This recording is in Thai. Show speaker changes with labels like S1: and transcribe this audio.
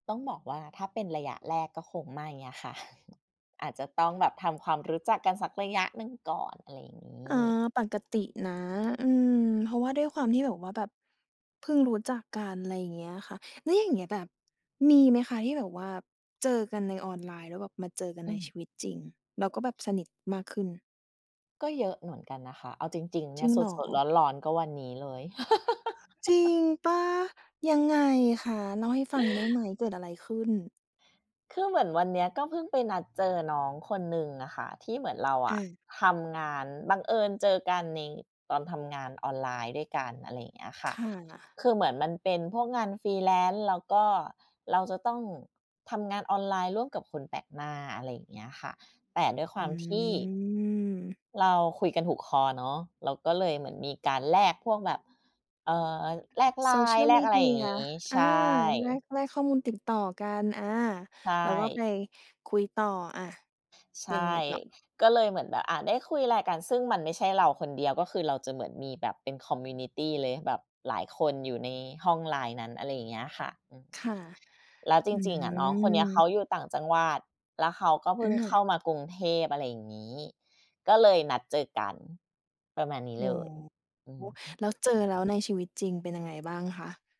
S1: ต้องบอกว่า ถ้าเป็นระยะแรกก็คงไม่อะค่ะ อาจจะต้องแบบทำความรู้จักกันสักระยะหนึ่งก่อน อะไรอย่างง
S2: อ
S1: ี
S2: า
S1: ้
S2: ปกตินะ อืม เพราะว่าด้วยความที่แบบว่าแบบเพิ่งรู้จักกัน ไรเงี้ยค่ะ แล้วอย่างเงี้ยแบบมีไหมคะที่แบบว่าเจอกันในออนไลน์ แล้วแบบมาเจอกัน
S1: อื
S2: ในช
S1: ม
S2: ีวิตจริง แล้วก็แบบสนิทมากขึ้น
S1: ก็เยอะเหมือนกันนะคะ เอาจริง ๆ เน
S2: จ
S1: ี
S2: ร
S1: ่
S2: ิ
S1: ย
S2: ง
S1: ส
S2: เหร
S1: ด ๆ
S2: อ?
S1: ร้อน ๆ ก็วันนี้เลย
S2: จริงเปล่า? ยังไงคะ เล่าให้ฟังได้ไหม เกิดอะไรขึ้น?
S1: คือเหมือนวันเนี้ยก็เพิ่งไปนัดเจอน้องคนหนึ่งอะค่ะ ที่เหมือนเราอ
S2: อ
S1: ะ
S2: า
S1: ทำงาน บังเอิญเจอกันในตอนทำงานออนไลน์ด้วยกัน อะไรอย่างเงี้ยค่
S2: ค
S1: ะ
S2: ่ะ
S1: คือเหมือนมันเป็นพวกงาน freelance แล้วก็เราจะต้องทำงานออนไลน์ร่วมกับคนแปลกหน้า อะไรอย่างเงี้ยค่ะ แต่ด้วยคว
S2: อ
S1: ามที่
S2: ืม
S1: เราคุยกันถูกคอเนาะ เราก็เลยเหมือนมีการแลกพวกแบบ เอ่อ แลก
S2: โซเชี
S1: LINE
S2: ยล
S1: แล
S2: ม
S1: ก
S2: ี
S1: อะไ
S2: เด
S1: ร
S2: ี
S1: อย่าง
S2: ย
S1: งี้ ใ
S2: อ
S1: ช
S2: า
S1: ่
S2: แลก แลกข้อมูลติดต่อกัน อา
S1: ใช
S2: แล้วก็ไ
S1: ่
S2: ปคุยต่อ อะ
S1: ใช่
S2: ยังไงต่อ?
S1: ก็เลยเหมือนแบบ อะ ได้คุยอะไรกัน ซึ่งมันไม่ใช่เราคนเดียว ก็คือเราจะเหมือนมีแบบเป็น community เลย แบบหลายคนอยู่ในห้อง LINE นั้น อะไรอย่างเงี้ยค่ะ
S2: ค่ะ
S1: แล้วจ
S2: อื
S1: ริง ๆ อะน้องคนเนี้ยเข
S2: ม
S1: าอยู่ต่างจังหวัด แล้วเขาก็เพ
S2: อ
S1: ิ่งเข้า
S2: า
S1: มากรุงเทพ อะไรอย่างงี้ ก็เลยนัดเจอกัน ประมาณนี้
S2: อ๋
S1: เลย
S2: อ
S1: อือฮึ
S2: แล้วเจอแล้วในชีวิตจริงเป็นยังไง บ้างคะ?